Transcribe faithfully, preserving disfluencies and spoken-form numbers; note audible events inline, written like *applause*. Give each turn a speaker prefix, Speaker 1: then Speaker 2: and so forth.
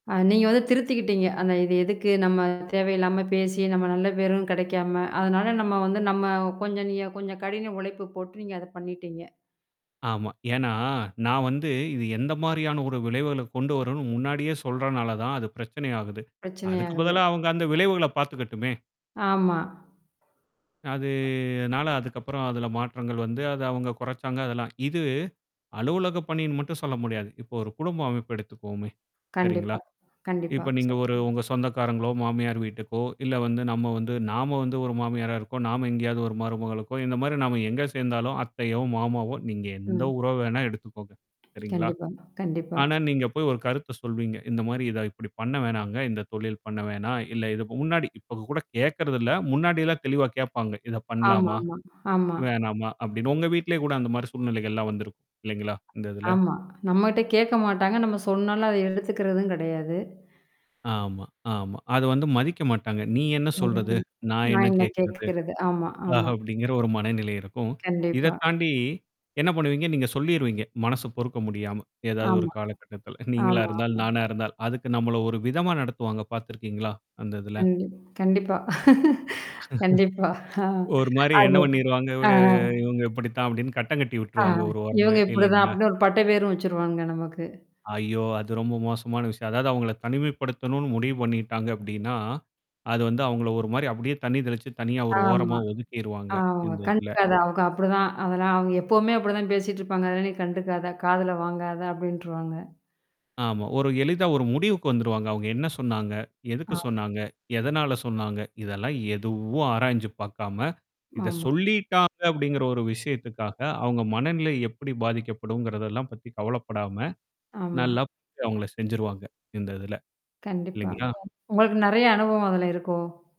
Speaker 1: அ நீங்க வந்து திருத்திக்கிட்டீங்க. ஆனா இது எதுக்கு? நம்ம தேவையில்லாம பேசி நம்ம நல்ல பேரும் கெடைக்காம. அதனால நம்ம வந்து நம்ம கொஞ்சம் நீங்க கொஞ்சம் கடின உழைப்பு போட்டு நீங்க அத பண்ணிட்டீங்க.
Speaker 2: ஆமா. ஏன்னா, நான் வந்து இது எந்த மாரியான ஒரு விளைவுகள கொண்டு வரும்ன்னு முன்னாடியே சொல்றதுனால தான் அது பிரச்சனை ஆகுது.
Speaker 1: பிரச்சனை
Speaker 2: அதுக்கு
Speaker 1: ஆகுது.
Speaker 2: பதிலா அவங்க அந்த விளைவுகள பார்த்துக்கட்டுமே.
Speaker 1: ஆமா.
Speaker 2: அதுனால அதுக்கப்புறம் அதுல மாற்றங்கள் வந்து. அது அவங்க குறைச்சாங்க அதெல்லாம். இது அலுவலக பணின்னு மட்டும் சொல்ல முடியாது. இப்ப ஒரு குடும்ப அமைப்பு எடுத்துக்குவோமே. சரிங்களா?
Speaker 1: கண்டிப்பா, கண்டிப்பா.
Speaker 2: இப்ப நீங்க ஒரு
Speaker 1: சொல்லனும்
Speaker 2: உங்க சொந்தக்காரங்களோ, மாமியார் வீட்டுக்கோ, இல்ல வந்து நம்ம வந்து நாம வந்து ஒரு மாமியாரா இருக்கோம், நாம எங்கேயாவது ஒரு மருமகளுக்கோ, இந்த மாரி நாம எங்க சேர்ந்தாலும், அத்தையோ, மாமாவோ நீங்க எந்த
Speaker 1: ம்.
Speaker 2: உறவு வேணா எடுத்துக்கோங்க? சரிங்களா?
Speaker 1: கண்டிப்பாங்க, கண்டிப்பா.
Speaker 2: ஆனா, நீங்க போய் ஒரு கருத்து சொல்வீங்க. இந்த மாரி இத இப்டி பண்ண வேணாங்க. இந்த தொழில் பண்ண வேணாம்? இல்ல இதுக்கு முன்னாடி இப்ப கூட கேட்கறதில்ல. முன்னாடிலாம் தெளிவா கேட்பாங்க. இத
Speaker 1: ஆமா,
Speaker 2: பண்ணலாமா?
Speaker 1: ஆமா, ஆமா.
Speaker 2: வேணாமா அப்டின்னு. உங்க வீட்லேயே கூட அந்த மாரி சூழ்நிலைகள்லாம் வந்திருக்கும். இல்லைங்களா? இந்த இதுல?
Speaker 1: ஆமா. நம்மட்ட கேட்க மாட்டாங்க. நம்ம சொன்னாலும் அதை எடுத்துக்கிறதும் கெடையாது.
Speaker 2: ஆமா, ஆமா. அது வந்து மதிக்க மாட்டாங்க. நீ என்ன சொல்றது?
Speaker 1: *unintelligible*
Speaker 2: நான் என்ன
Speaker 1: நான் என்ன
Speaker 2: கேட்கறது?
Speaker 1: கேட்கிறது. ஆமா,
Speaker 2: ஆ
Speaker 1: ஆமா.
Speaker 2: அப்படிங்கிற ஒரு மனநிலை இருக்கும். இத
Speaker 1: கண்டிப்பா.
Speaker 2: தாண்டி. என்ன பண்ணுவீங்க? நீங்க சொல்லிருவீங்க. மனசு பொறுக்க முடியாம. ஏதாவது ஒரு
Speaker 1: ஆமா,
Speaker 2: காலகட்டத்தில நீங்களா
Speaker 1: ஆமா,
Speaker 2: இருந்தால்,
Speaker 1: ஆமா.
Speaker 2: நானா இருந்தால், அதுக்கு நம்மள ஒரு விதமா நடத்துவாங்க பார்த்திருக்கீங்களா? அந்த இதுல?
Speaker 1: கண்டிப் கண்டிப்பா *laughs* கண்டிப்பா ஆ
Speaker 2: *chuckles* ஒரு மாரி என்ன
Speaker 1: அது.
Speaker 2: பண்ணிருவாங்க
Speaker 1: ஆ.
Speaker 2: ஒரு இவங்க இப்படித்தான் அப்படின்னு கட்டங்கட்டி
Speaker 1: ஆ
Speaker 2: விட்டுருவாங்க ஒரு ஓரமாவே
Speaker 1: இவங்க இப்படிதான்
Speaker 2: இல்லைங்களா?
Speaker 1: அப்டின்னு ஒரு பட்ட பேரும் வச்சுருவாங்க நமக்கு.
Speaker 2: ஐயோ! அது ரொம்ப மோசமான விஷயம். அதாவது அவங்கள தனிமைப்படுத்தணும்னு முடிவு பண்ணிட்டாங்க அப்டின்னா அது வந்து அவுங்கள ஒரு மாரி அப்படியே தண்ணி தெளிச்சு தனியா ஒரு ஓரமா
Speaker 1: ஆமா.
Speaker 2: ஒதுக்கிருவாங்க
Speaker 1: ஆமா
Speaker 2: இந்த இதுல.
Speaker 1: கண்டுக்காத அவங்க அப்படிதான். அதெல்லாம் அவங்க எப்பவுமே அப்படிதான் பேசிட்டிருப்பாங்க. அதல்லாம் நீ கண்டுக்காத, காதுல வாங்காத அப்படின்ட்டுருவாங்க.
Speaker 2: ஆமா. ஒரு எளிதா ஒரு முடிவுக்கு வந்துருவாங்க. அவங்க என்ன சொன்னாங்க? எதுக்கு
Speaker 1: ஆ.
Speaker 2: சொன்னாங்க? எதனால சொன்னாங்க? இதெல்லாம் எதுவும் ஆராய்ஞ்சு பார்க்காம. இத
Speaker 1: ஆமா.
Speaker 2: சொல்லிட்டாங்க அப்படிங்கிற ஒரு விஷயத்துக்காக அவங்க மனநிலை எப்படி பாதிக்கப்படும்ங்கிறதெல்லாம் பத்தி கவலப்படாம.
Speaker 1: ஆமா.
Speaker 2: நல்லா ப அவங்கள செஞ்சுருவாங்க. இந்த இதுல.
Speaker 1: கண்டிப்பா.
Speaker 2: இல்லைங்களா?
Speaker 1: உங்களுக்கு நெறைய அனுபவம் அதுல இருக்கோ?